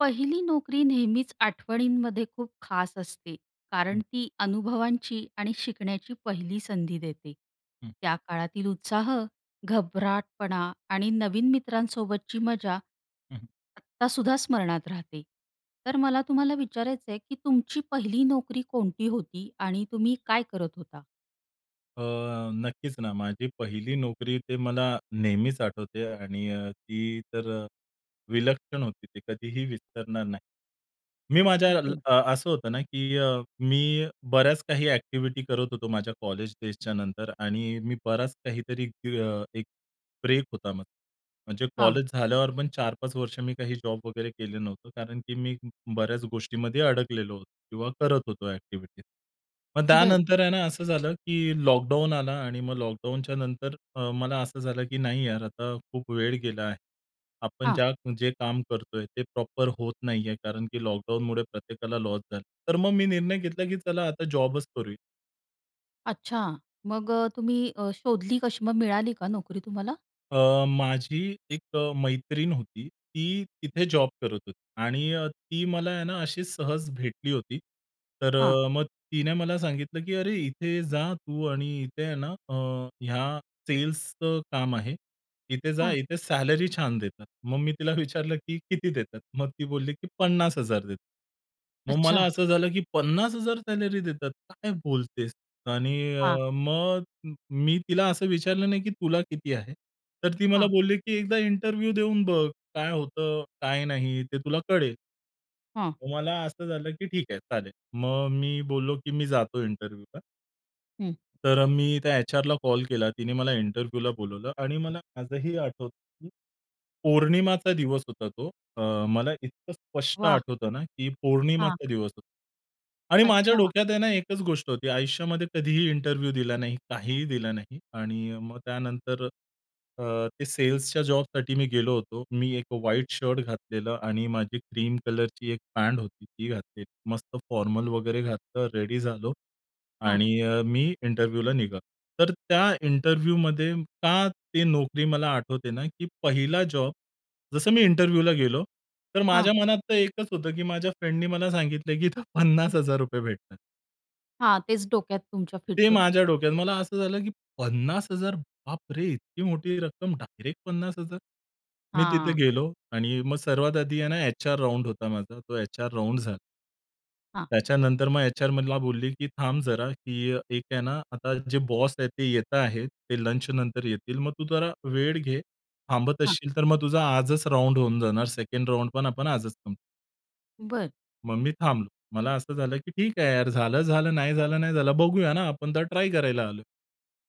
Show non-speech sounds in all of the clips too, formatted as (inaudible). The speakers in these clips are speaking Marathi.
पहिली नोकरी नेहमीच आठवणींमध्ये खूप खास असते. कारण हं. ती अनुभवांची आणि शिकण्याची पहिली संधी देते. हं. त्या काळातील उत्साह, घबराटपणा आणि नवीन मित्रांसोबतची मजा, हं, हं. आत्ता सुद्धा स्मरणात राहते. तर मला तुम्हाला विचारायचंय, की तुमची पहिली नोकरी कोणती होती आणि तुम्ही काय करत होता? अ, नक्कीच ना, माझी पहिली नोकरी, ती मला नेहमीच आठवते आणि ती तर अ, विलक्षण होती, ती कधीही विसरणार नाही. मी माझ्या बरं. अ, असं होतं ना, की मी बऱ्याच काही ॲक्टिव्हिटी करत होतो माझ्या कॉलेज डेजच्या नंतर आणि माझा बराच काहीतरी अ, एक ब्रेक होता मग. म्हणजे हां. कॉलेज झाल्यावर पण 4-5 वर्षे मी काही जॉब वगैरे केला नव्हता, कारण की मी ब बऱ्याच गोष्टींमध्ये अडकलेलो होतो किंवा करत होतो ॲक्टिव्हिटीज. मग बरं. त्यानंतर आहे ना, असं झालं की लॉकडाउन आला आणि मग लॉकडाउनच्या नंतर अ, मला असं झालं की नाही यार, आता खूप वेळ गेला आहे. आपण हां. ज्या जे काम करतोय ते प्रॉपर होत नाहीये, कारण की लॉकडाउनमुळे प्रत्येकाला लॉस झाला. तर मग मी निर्णय घेतला, की चला आता जॉबच करू. अच्छा. मग अ, तुम्ही अ, शोधली कशी मग मिळाली का नोकरी तुम्हाला? अ, माझी एक अ, मैत्रीण होती. ती तिथे जॉब करत होती आणि अ, ती मला आहे ना, अशी सहज भेटली होती. तर हां. अ, मग तिने मला सांगितलं, की "अरे, इथे जा तू आणि इथे आहे ना, ह्या सेल्सचं काम आहे, इथे जा, हां. इथे सॅलरी छान देतात." मग मी तिला विचारलं, की "किती देतात?" मग ती बोलली, की "50,000 देतात." मग अच्छा. मला असं (chuckles) झालं, की "50,000 सॅलरी देतात, काय बोलतेस?" आणि हां. अ, मग म मी तिला असं विचारलं नाही की तुला किती आहे? तर ती मला हां. बोलली, की "एकदा इंटरव्ह्यू देऊन बघ. काय होतं, काय नाही, ते तुला कळेल." हं. मग मला असं झालं, की ठीक आहे, चालेल. मग मी बोललो, की "मी जातो इंटरव्ह्यूला." हं. तर अ, मी त्या एचआरला कॉल केला तिने मला इंटरव्ह्यूला बोलावलं आणि मला आजही आठवतं की पौर्णिमाचा दिवस होता तो, अ, मला इतकं स्पष्ट वाह! आठवतं ना, की हां. पौर्णिमाचा दिवस होता. आणि माझ्या अच्छा. डोक्यात आहे ना, एकच गोष्ट होती आयुष्यामध्ये कधीही इंटरव्ह्यू दिला नाही, काहीही दिला नाही. आणि अ, मग त्यानंतर अ, ते सेल्सच्या जॉबसाठी मी गेलो होतो. मी एक अ, व्हाईट शर्ट घातलेलं आणि माझी क्रीम कलरची एक पॅन्ट होती ती घातलेली. मस्त फॉर्मल वगैरे घातलं रेडी झालो हां. आणि अ, मी इंटरव्ह्यूला निघालो. तर त्या इंटरव्ह्यूमध्ये का ती नोकरी मला आठवते ना, की पहिला जॉब, जसं मी इंटरव्ह्यूला गेलो, तर हां. माझ्या मनात तर एकच होतं की माझ्या फ्रेंडनी मला सांगितलंय, की इथं ₹50,000 भेटतात. हां, तेच डोक्यात तुमच्या फिट ते होतं. माझ्या डोक्यात. मला असं झालं, की 50,000 बापरे! इतकी मोठी रक्कम डायरेक्ट 50,000!? मी तिथे हां. गेलो आणि मग सर्वात आधी आहे ना एचआर राउंड होता माझा. तो एचआर राउंड झाला. हां. त्याच्यानंतर मग एचआर मला बोलली, की "थांब जरा की अ, एक आहे ना आता जे बॉस आहेत ते येत आहेत, ते लंचनंतर येतील मग तू जरा वेळ घे. थांबत हां. असशील तर मग तुझा आजच राउंड होऊन जाणार सेकंड राउंड पण आपण आजच संपवू." बरं. मग मी थांबलो. मला असं झालं, की ठीक आहे यार, झालं, झालं, नाही झालं, नाही झालं. बघूया ना आपण तर ट्राय करायला आलोय.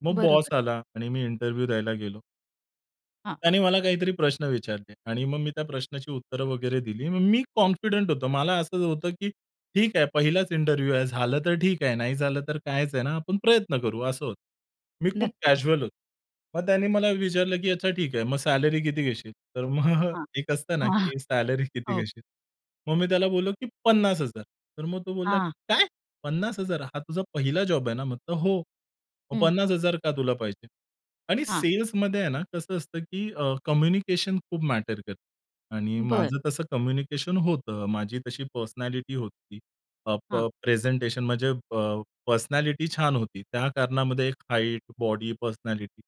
मग बरोबर. बॉस आला आणि मी इंटरव्ह्यू द्यायला गेलो. हां. त्याने मला काहीतरी प्रश्न विचारले आणि मग मी त्या प्रश्नाची उत्तरं वगैरे दिली. मग मी कॉन्फिडंट होतो. मला असं होतं, की ठीक आहे पहिलाच इंटरव्ह्यू आहे. झालं तर ठीक आहे नाही झालं तर काहीच आहे ना आपण प्रयत्न करू असं होतं. मी खूप नक्कीच. कॅज्युअल होतो. मग त्याने मला विचारलं, की "अच्छा ठीक आहे मग सॅलरी किती घेशील?" तर मग हां, एक असतं ना, हां, की सॅलरी किती हो. घेशील? मग मी त्याला बोललो, की "50,000" तर मग तो बोलला, हां. "काय? 50,000? हा तुझा पहिला जॉब आहे ना?" म्हटलं, "हो." "मग हं. 50,000 का तुला पाहिजे?" आणि हां. सेल्समध्ये आहे ना कसं असतं, की अ, कम्युनिकेशन खूप मॅटर करतं आणि बरं. माझं तसं कम्युनिकेशन होतं. माझी तशी पर्सनॅलिटी होती. अ, प हां. प्रेझेंटेशन म्हणजे अ, पर्सनॅलिटी छान होती. त्या कारणामध्ये एक हाईट, बॉडी, पर्सनॅलिटी.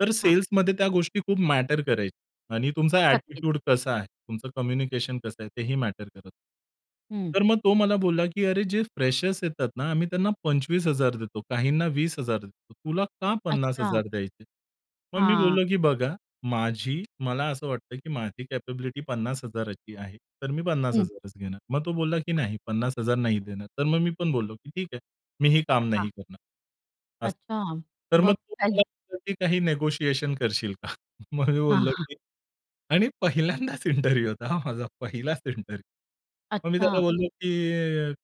तर हां. सेल्समध्ये त्या गोष्टी खूप मॅटर करायची आणि तुमचा नक्कीच. ॲटिट्यूड कसा आहे? तुमचं कम्युनिकेशन कसं आहे? तेही मॅटर करतं. हं. तर मग तो मला बोलला, की "अरे जे फ्रेशर्स येतात ना आम्ही त्यांना 25,000 देतो, काहींना 20,000 देतो, तुला का पन्नास अच्छा. हजार द्यायचे?" मग मी हां. बोललो, की "बघा, माझी मला असं वाटतं, की माझी कॅपॅबिलिटी 50,000ची आहे. तर मी पन्नास हं. हजारच घेणार." मग तो बोलला, की "नाही, 50,000 नाही देणार." तर मग मी पण बोललो, की "ठीक आहे मी ही काम नाही हां. करणार," असं. अच्छा! तर मग मग तो मला काय बोलला, की काही निगोशिएशन करशील का? मग मी हां, बोललो, हां. की आणि पहिल्यांदाच इंटरव्ह्यू होता हा माझा पहिलाचं इंटरव्ह्यू. मग मी त्याला अच्छा. बोललो, की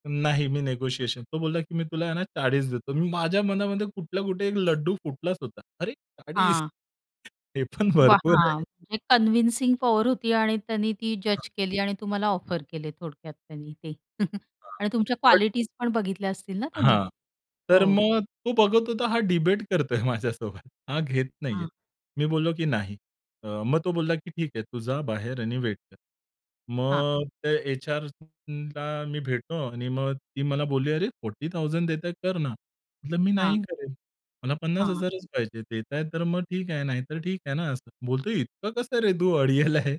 अ, "नाही, मी निगोशिएशन" तो बोलला, की "मी तुला आहे ना 40 देतो." मी माझ्या मनामध्ये कुठल्या कुठे एक लड्डू फुटलाचं होता. अरे 40! हां. (unintelligible) हे पण वाह! भरपूर हां, आहे. म्हणजे कंन्व्हिंसिंग पॉवर होती आणि त्यांनी ती हां. जज केली आणि तुम्हाला ऑफर केले थोडक्यात त्यांनी ते (chuckles) हां, आणि तुमच्या बट कॉलिटीज पण बघितल्या असतील ना त्यांनी? हां, तर हो. मग तो बघत होता हा डिबेट करतोय माझ्यासोबत, हा घेत नाही आहे. हां. मी बोललो, की "नाही." अ, मग तो बोलला, की "ठीक आहे तू जा बाहेर आणि वेट कर." हां. मग ते एचआरला मी भेटतो आणि मग ती मला बोलली, "अरे 40,000 देतायत कर ना." म्हणलं, "मी नाही हां. करेल. मला पन्नास हां. हजारच पाहिजे. देताय तर मग ठीक आहे, नाही तर ठीक आहे ना असं." बोलते, "इतकं कसं रे तू अडियल आहे?"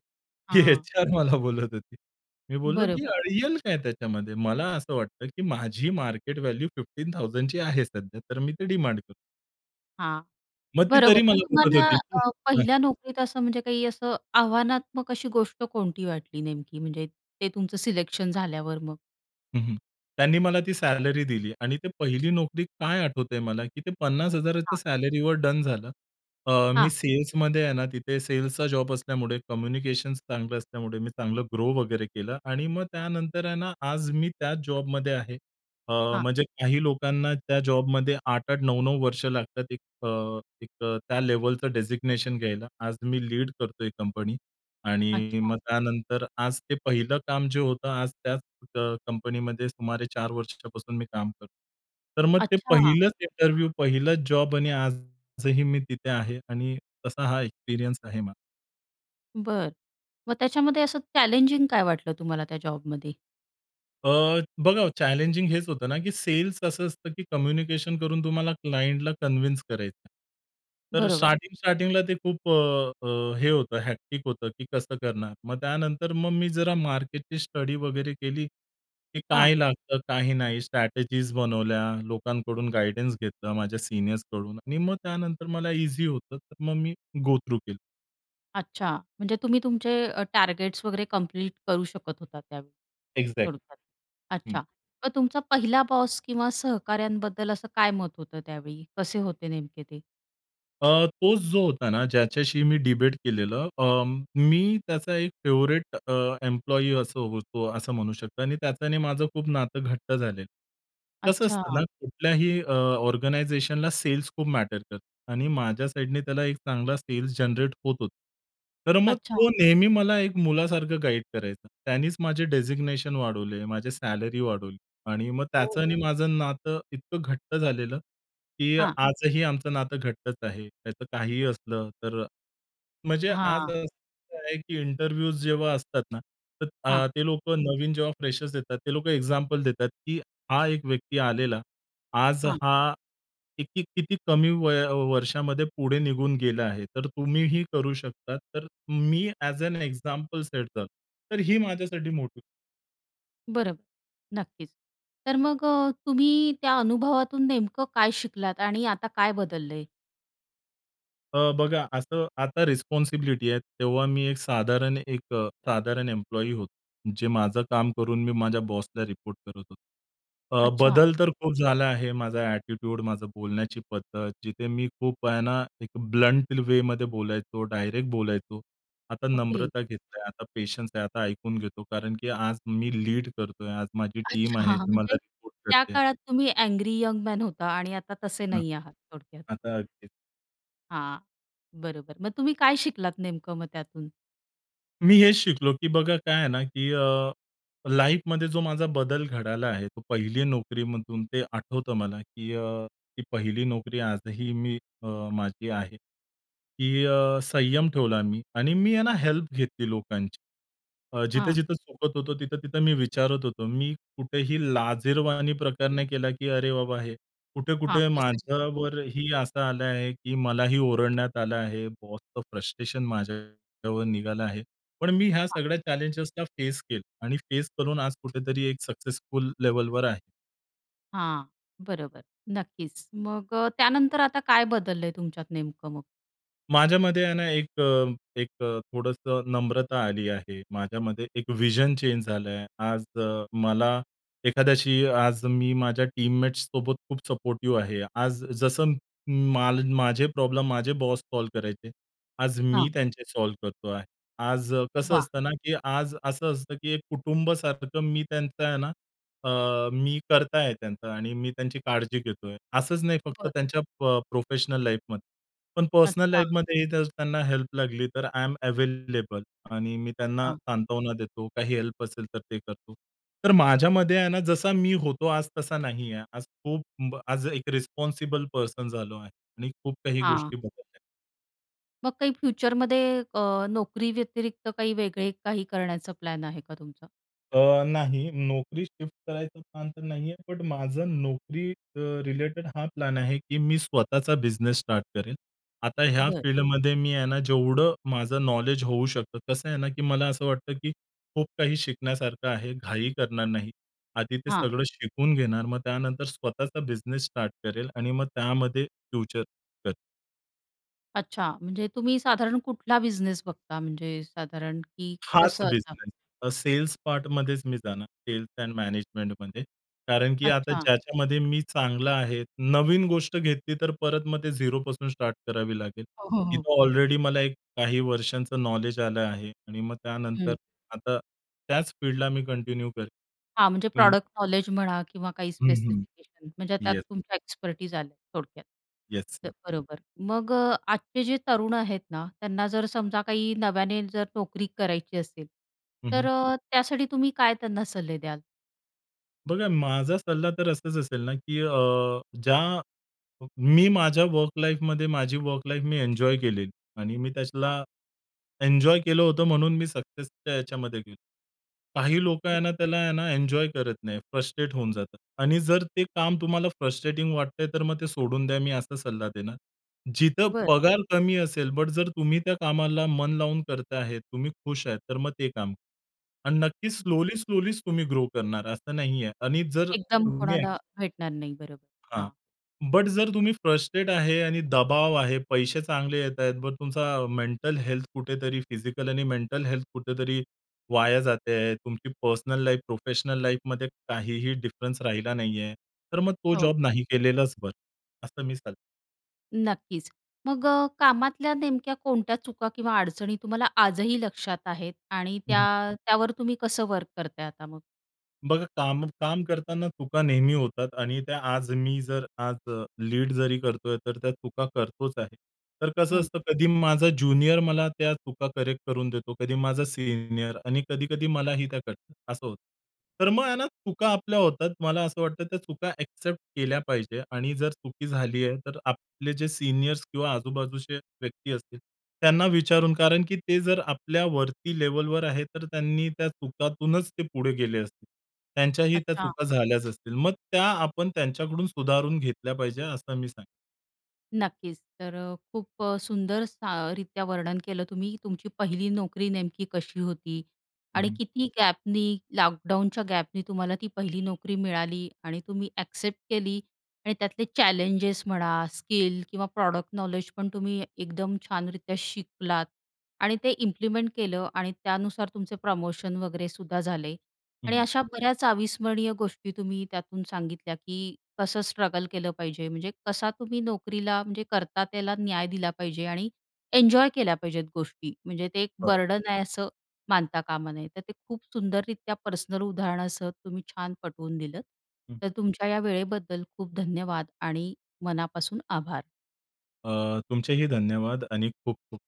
ही हां. एचआर मला बोलत होती. मी बोललो, की बरोबर. "अडियल काय त्याच्यामध्ये? मला असं वाटतं, की माझी मार्केट व्हॅल्यू 15,000ची आहे सध्या तर मी ते डिमांड करतो." हां, मग ती बरोबर. तरी मग मला बोलत तुम्हाला होती, की अ, पहिल्या नोकरीत असं म्हणजे काही असं आव्हानात्मक अशी गोष्ट कोणती वाटली नेमकी, म्हणजे ते तुमचं सिलेक्शन झाल्यावर मग? हं, हं. त्यांनी मला ती सॅलरी दिली आणि ते पहिली नोकरी काय आठवतंय मला, की ते 50,000च्या हां. सॅलरीवर डन झालं. अ, मी हां. सेल्समध्ये आहे ना, तिथे सेल्सचा जॉब असल्यामुळे कम्युनिकेशन्स चांगलं असल्यामुळे मी चांगलं ग्रो वगैरे केलं आणि मग त्यानंतर आहे ना, आज मी त्याच जॉबमध्ये आहे. अ, हां. म्हणजे काही लोकांना त्या जॉबमध्ये 8-8, 9-9 वर्ष लागतात एक अ, एक अ, त्या लेव्हलचं डेझिग्नेशन घ्यायला. आज मी लीड करतोय कंपनी. आणि अच्छा. मग त्यानंतर आज ते पहिलं काम जे होतं, आज त्याच अ, कंपनीमध्ये सुमारे 4 वर्षापासून मी काम करतो तर मग ते अच्छा. पहिलंच इंटरव्ह्यू, पहिलंच जॉब आणि आजही मी तिथे आहे आणि तसा हा एक्सपिरियन्स आहे माझा. बरं. मग त्याच्यामध्ये असं चॅलेंजिंग काय वाटलं तुम्हाला त्या जॉबमध्ये? अ, बघा चॅलेंजिंग हेच होतं ना, की सेल्स असं असतं, की कम्युनिकेशन करून तुम्हाला क्लायंटला कन्विन्स करायचं आहे. तर बरोबर. स्टार्टिंग-स्टार्टिंगला ते खूप अ, अ, हे होतं, हेक्टिक होतं, की कसं करणार. मग त्यानंतर मग मी जरा मार्केटची स्टडी वगैरे केली, की हां. काय लागतं, काही नाही. स्ट्रॅटेजीज बनवल्या, लोकांकडून गाईडन्स घेतलं माझ्या सीनियर्सकडून आणि मग त्यानंतर मला ईझी होतं, तर मग मी गो थ्रू केलं. अच्छा, म्हणजे तुम्ही तुमचे अ, टार्गेट्स वगैरे कंप्लीट करू शकत होता त्यावेळी, एक्झॅक्ट. थोडक्यात. हं. अच्छा. मग तुमचा 1ला बॉस किंवा सहकाऱ्यांबद्दल असं काय मत होतं त्यावेळी, कसे होते नेमके ते? अ, तोच जो होता ना ज्याच्याशी मी डिबेट केलेलं अ, मी त्याचा एक फेव्हरेट अ, एम्प्लॉयी असं होतो असं म्हणू शकता. आणि त्याच्या आणि माझं खूप नातं घट्ट झालेलं. कसं असतं ना अच्छा. कुठल्याही अ, ऑर्गनायझेशनला सेल्स खूप मॅटर करत आणि माझ्या साइडने त्याला एक चांगला सेल्स जनरेट होत होता. तर मग अच्छा. तो नेहमी मला एक मुलासारखं गाईड करायचा. त्यानेच माझे डेझिग्नेशन वाढवले, माझी सॅलरी वाढवली आणि मग हो. त्याचं आणि माझं नातं इतकं घट्ट झालेलं. की हां आजही आमचं नातं घट्टच आहे. त्याचं काहीही असलं तर. म्हणजे आज हां. असं आहे की इंटरव्ह्यूज जेव्हा असतात ना तर हां. अ, ते लोकं नवीन जेव्हा फ्रेशर्स देतात ते लोकं एक्झाम्पल देतात की "हा एक व्यक्ती आलेला. आज हां. हा किती-किती कमी वय वर्षामध्ये पुढे निघून गेला आहे. तर तुम्हीही करू शकतात." तर मी ॲज ॲन एक्झाम्पल सेट झालो. तर ही माझ्यासाठी मोठी बरोबर, नक्कीच. तर मग अ, तुम्ही त्या अनुभवातून नेमकं काय शिकलात आणि आता काय बदललंय? अ, बघा, असं आता रिस्पॉन्सिबिलिटी आहे, तेव्हा मी एक साधारण एक अ, साधारण एम्प्लॉई होतो, जे माझं काम करून मी माझ्या बॉसला रिपोर्ट करत होतो. अ, अच्छा. बदल तर खूप झाला आहे माझा ॲटिट्यूड, माझं बोलण्याची पद्धत, जिथे मी खूप आहे ना एक ब्लंट वेमध्ये बोलायचो, डायरेक्ट बोलायचो. आता ओके. नम्रता घेतलंय, आता पेशन्स आहे, आता ऐकून घेतो, कारण की आज मी लीड करतोय. आज माझी टीम अच्छा! आहे हां, हां. मला म्हणजे रिपोर्ट त्या करते. काळात तुम्ही अँग्री यंग मॅन होता आणि आता तसे हं. नाही आहात थोडक्यात. आता (unintelligible) हां, बरोबर. मग तुम्ही काय शिकलात नेमकं मग त्यातून? मी हेच शिकलो, की बघा काय आहे ना की अ, लाईफमध्ये जो माझा बदल घडला आहे, तो पहिली नोकरीमधून ते आठवतं मला की अ, ती पहिली नोकरी आजही अ, मी माझी आहे, की अ, संयम ठेवला मी आणि मी आहे ना हेल्प घेतली लोकांची. अ, हां. जिथे-जिथे चुकत होतो, तिथं-तिथं मी विचारत होतो. मी कुठेही लाजिरवाणा प्रकार नाही केला, की अरे बाबा हे कुठे हां, कुठे कसं विचारू? माझ्यावरही असं आलं आहे की मलाही ओरडण्यात आलं आहे. बॉसचे फ्रस्ट्रेशन माझ्यावर निघालं आहे. पण मी ह्या हां. सगळ्या चॅलेंजला फेस केलं आणि फेस करून आज कुठेतरी एक सक्सेसफुल लेव्हलवर आहे. हां, बरोबर, नक्कीचं. मग अ, त्यानंतर आता काय बदललं आहे, तुमच्यात नेमकं मग? माझ्यामध्ये आहे ना एक अ, एक अ, थोडंसं नम्रता आली आहे. माझ्यामध्ये एक व्हिजन चेंज झालं आहे. आज अ, मला एखाद्याशी आज मी माझ्या टीममेट्स सोबत खूप सपोर्टिव्ह आहे. आज जसं म माल माझे प्रॉब्लेम माझे बॉस सॉल्व्ह करायचे, आज मी हां. त्यांचे सॉल्व्ह करतो आहे. आज कसं वाह! असतं ना? की आज असं असतं की एक कुटुंब सारखं मी त्यांचं आहे ना अ, मी कर्ता आहे त्यांचा आणि मी त्यांची काळजी घेतो आहे. असंच नाही फक्त बरं. त्यांच्या प प्रोफेशनल लाईफमध्ये. पण पर्सनल अच्छा. लाईफमध्ये ही जर त्यांना हेल्प लागली तर आय एम अवेलेबल. आणि मी त्यांना अच्छा. सांत्वना देतो. काही हेल्प असेल तर ते करतो. तर माझ्यामध्ये आहे ना? जसा मी होतो आज तसा नाही आहे. आज खूप म आज एक रिस्पॉन्सिबल पर्सन झालो आहे आणि खूप काही हां. गोष्टी बदलल्या आहे. मग काही फ्युचरमध्ये अ, नोकरी व्यतिरिक्त काही वेगळे काही करण्याचा प्लॅन आहे का तुमचा? अ, नाही. नोकरी शिफ्ट करायचा प्लॅन तर नाही आहे. पण माझं नोकरी अ, रिलेटेड हा प्लॅन आहे. की मी स्वतःचा बिझनेस स्टार्ट करेल. आता ह्या बरं. फील्डमध्ये मी आहे ना, जेवढं माझं नॉलेज होऊ शकतं, कसं आहे ना? की मला असं वाटतं की खूप काही शिकण्यासारखं आहे. घाई करणार नाही. आधी ते हां. सगळं शिकून घेणार. मग त्यानंतर स्वतःचा बिझनेस स्टार्ट करेल आणि मग त्यामध्ये फ्युचर करेल. अच्छा. म्हणजे तुम्ही साधारण कुठला बिझनेस बघता म्हणजे साधारण की हाच कसं अस? बिझनेस. सेल्स पार्टमध्येच मी जाणार सेल्स एंड मॅनेजमेंटमध्ये. कारण की आता अच्छा. ज्याच्यामध्ये मी चांगला आहे, नवीन गोष्ट घेतली तर परत मग ते झीरोपासून स्टार्ट करावी लागेल. हो, हो, हो. तिथं ऑलरेडी मला एक काही वर्षांचं नॉलेज आलं आहे आणि मग हं. त्यानंतर आता त्याच फील्डला मी कंटिन्यू करेल. हां, म्हणजे हं. प्रॉडक्ट नॉलेज म्हणा किंवा काही हं, हं. स्पेसिफिकेशन म्हणजे त्यात येस. तुमच्या एक्सपर्टाइज आल्यात थोडक्यात. येस, ये तर बरोबर. मग अ, आजचे जे तरुण आहेत ना, त्यांना जर समजा काही नव्याने जर नोकरी करायची असेल, हं, तर हं. अ, त्यासाठी तुम्ही काय त्यांना सल्ले द्याल? बघा, माझा सल्ला तर असाच असेल ना, की अ, ज्या मी माझ्या वर्क लाईफमध्ये माझी वर्क लाईफ मी एन्जॉय केलेली आणि मी हां. त्याला एन्जॉय केलं होतं, म्हणून मी सक्सेसच्या याच्यामध्ये गेलो. काही लोकं हं. आहे ना त्याला आहे ना एन्जॉय करत नाहीत. फ्रस्ट्रेट होऊन जातात आणि जर ते काम तुम्हाला फ्रस्ट्रेटिंग वाटतंय तर मग ते सोडून द्या, मी असा सल्ला देणार. जिथं बरं. पगार कमी असेल, बट जर तुम्ही त्या कामाला मन लावून करत आहेत, तुम्ही खुश आहे तर मग ते काम करा अन् नक्कीच हं. स्लोली, स्लोली तुम्ही ग्रो करणार असं नाहीये आणि जर एकदम तुम्ही कोणाला अक भेटणार नाही, बरोबर. हां. हां. बट जर तुम्ही फ्रस्ट्रेट आहे आणि दबाव आहे, पैसे चांगले येतायत मग तुमचा मेंटल हेल्थ कुठेतरी फिजिकल आणि मेंटल हेल्थ कुठेतरी वाया जाते आहे. तुमची पर्सनल लाईफ, प्रोफेशनल लाईफमध्ये काहीही डिफरन्स राहिला नाहीये. तर मग तो हो. जॉब नाही केलेलाच बरं, असं मी सांगतो. नक्कीच. मग अ, कामातल्या नेमक्या कोणत्या चुका किंवा अडचणी तुम्हाला आजही लक्षात आहेत आणि त्या हं. त्यावर तुम्ही कसं वर्क करताय आता मग? बघा, काम काम करताना चुका नेहमी होतात आणि त्या आज मी जर आज लीड जरी करतोय, तर त्या चुका करतोच आहे. तर कसं हं. असतं, कधी माझा ज्युनियर मला त्या चुका करेक्ट करून देतो, कधी माझा सीनियर आणि कधी-कधी मलाही त्या कळतात असं होतं. तर मग आहे ना चुका आपल्या होतात. मला असं वाटतं त्या चुका एक्सेप्ट केल्या पाहिजेत आणि जर चुकी झाली आहे, तर आपले जे सीनियर्स किंवा आजूबाजूचे व्यक्ती असतील त्यांना विचारून, कारण की ते जर आपल्या वरती लेव्हलवर आहेत, तर त्यांनी त्या चुकातूनच ते पुढे गेले असतील. त्यांच्याही त्या अच्छा. चुका झाल्याच असतील. मग त्या आपण त्यांच्याकडून सुधारून घेतल्या पाहिजेत असं मी सांग नक्कीच, तर अ, खूप सुंदर स रीत्या वर्णन केलं तुम्ही तुमची पहिली नोकरी नेमकी कशी होती हं, आणि हं. किती गॅपनी लॉकडाउनच्या गॅपनी तुम्हाला ती पहिली नोकरी मिळाली आणि तुम्ही एक्सेप्ट केली आणि त्यातले चॅलेंजेस म्हणा, स्किल किंवा प्रॉडक्ट नॉलेज पण तुम्ही एकदम छानरीत्या शिकलात आणि ते इम्प्लिमेंट केलं आणि त्यानुसार तुमचे प्रमोशन वगैरे सुद्धा झाले हं, आणि हं. अशा बऱ्याच अविस्मरणीय गोष्टी तुम्ही त्यातून सांगितल्या की कसं स्ट्रगल केलं पाहिजे, म्हणजे कसा तुम्ही नोकरीला म्हणजे करता त्याला न्याय दिला पाहिजे आणि एन्जॉय केल्या पाहिजेत गोष्टी, म्हणजे ते एक बरोबर. बर्डन आहे असं मानता कामा नये. तर ते खूप सुंदररीत्या पर्सनल उदाहरणासह तुम्ही छान पटवून दिलंत, हं. तर तुमच्या या वेळेबद्दल खूप धन्यवाद आणि मनापासून आभार. अ, तुमचेही धन्यवाद आणि खूप-खूप